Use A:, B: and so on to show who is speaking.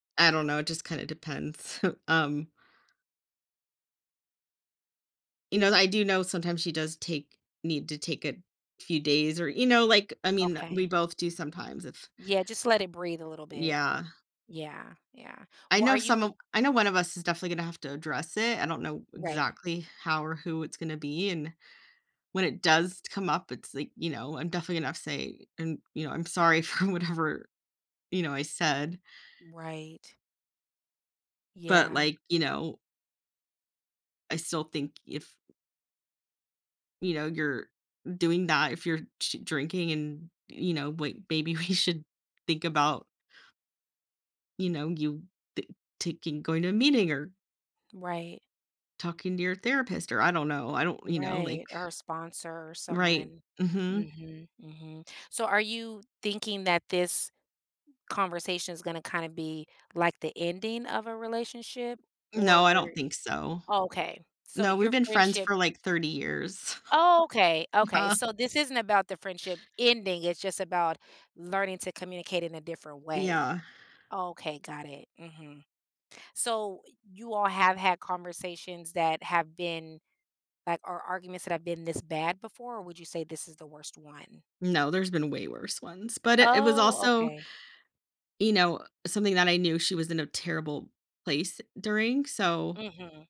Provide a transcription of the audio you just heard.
A: I don't know. It just kinda depends, um You know that I do know sometimes she does take need to take a few days or you know, like, I mean, we
B: Okay.
A: both do sometimes if
B: Yeah, just let it breathe a little bit.
A: Yeah.
B: Yeah, yeah.
A: I
B: Well, are
A: know some
B: you
A: of I know one of us is definitely gonna have to address it. I don't know
B: Right.
A: exactly how or who it's gonna be, and when it does come up, it's, like, you know, I'm definitely gonna have say, and, you know, "I'm sorry for whatever, you know, I said"
B: Right.
A: but,
B: Yeah.
A: Iike, you know “I still think if“ ”you know, you're doing that, if you're sh drinking and, you know, wai maybe we should think about“ ”you know, you ta taking, going to a meeting or“
B: Right.
A: “talking to your therapist,” or I don't know. I don't you know, like
B: Right. Or a sponsor or
A: Right,
B: someone.
A: mhm.
B: Mhm, mhm. So, are you thinking that this conversation is gonna kinda be, like, the ending of a relationship
A: No, I
B: or
A: don't think so.
B: Oh, okay. So,
A: No, we've
B: your
A: been friends
B: friendship
A: for, like, 30 years.
B: Oh, okay, okay. So, this isn't about the friendship ending. It's just about learning to communicate in a different way.
A: Yeah.
B: Oh, okay, got it, mhm. So, you all have had conversations that have been like, or arguments that have been this bad before or would you say this is the worst one?
A: No, there's been way worse ones., but it it was
B: Oh,
A: also
B: okay.
A: you know, something that I knew she was in a terrible place during, so
B: Mhm.